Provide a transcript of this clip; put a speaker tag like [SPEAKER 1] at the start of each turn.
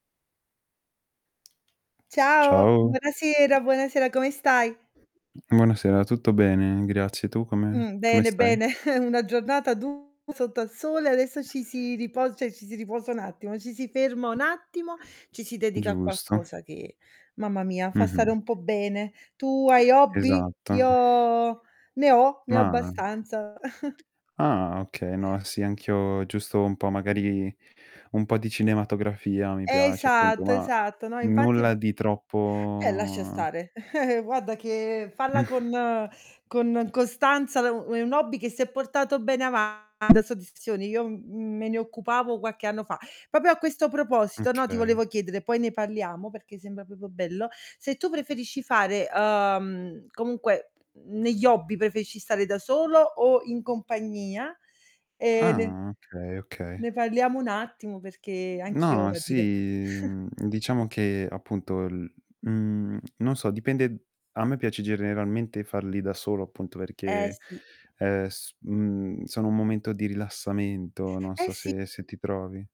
[SPEAKER 1] Ciao,
[SPEAKER 2] Ciao.
[SPEAKER 1] buonasera, buonasera, come stai?
[SPEAKER 2] Buonasera. Tutto bene, grazie. Tu come
[SPEAKER 1] Mh,
[SPEAKER 2] come
[SPEAKER 1] bene,
[SPEAKER 2] stai?
[SPEAKER 1] bene, una giornata du sotto al sole, e adesso ci si ripos cioè, ci si riposa un attimo, ci si ferma un attimo, ci si dedica a
[SPEAKER 2] Giusto.
[SPEAKER 1] qualcosa che, mamma mia, fa
[SPEAKER 2] Mh-mh.
[SPEAKER 1] stare un po' bene. Tu hai hobby?
[SPEAKER 2] Esatto.
[SPEAKER 1] Io ne ho, ne ho
[SPEAKER 2] Nah
[SPEAKER 1] abbastanza.
[SPEAKER 2] Ah, okay. No sì, anch'io giusto un po', magari, un po' di cinematografia mi piace, appunto,
[SPEAKER 1] Esatto,
[SPEAKER 2] ma
[SPEAKER 1] esatto. No, infatti
[SPEAKER 2] nulla di
[SPEAKER 1] Eh, lascia
[SPEAKER 2] troppo
[SPEAKER 1] stare. Guarda che falla con con costanza è u è un hobby che se portato bene ava dà soddisfazioni, io, mhmm, me ne occupavo qualche anno fa. Proprio a questo proposito, no, ti
[SPEAKER 2] Okay.
[SPEAKER 1] volevo chiedere, poi ne parliamo perché sembra proprio bello, se tu preferisci fare uhm, comunque, mhmm, negli hobby preferisci stare da solo o in compagnia? E ne
[SPEAKER 2] Ah, okay, okay.
[SPEAKER 1] ne parliamo un attimo, perché anch'io ho
[SPEAKER 2] No
[SPEAKER 1] da dire.
[SPEAKER 2] sì, mhmm, diciamo che appunto il mhmm, non so, dipende a me piace generalmente farli da solo, appunto,
[SPEAKER 1] Eh,
[SPEAKER 2] perché,
[SPEAKER 1] sì.
[SPEAKER 2] ehm, s mhmm, sono un momento di rilassamento, non
[SPEAKER 1] Eh,
[SPEAKER 2] so
[SPEAKER 1] sì.
[SPEAKER 2] se se ti trovi.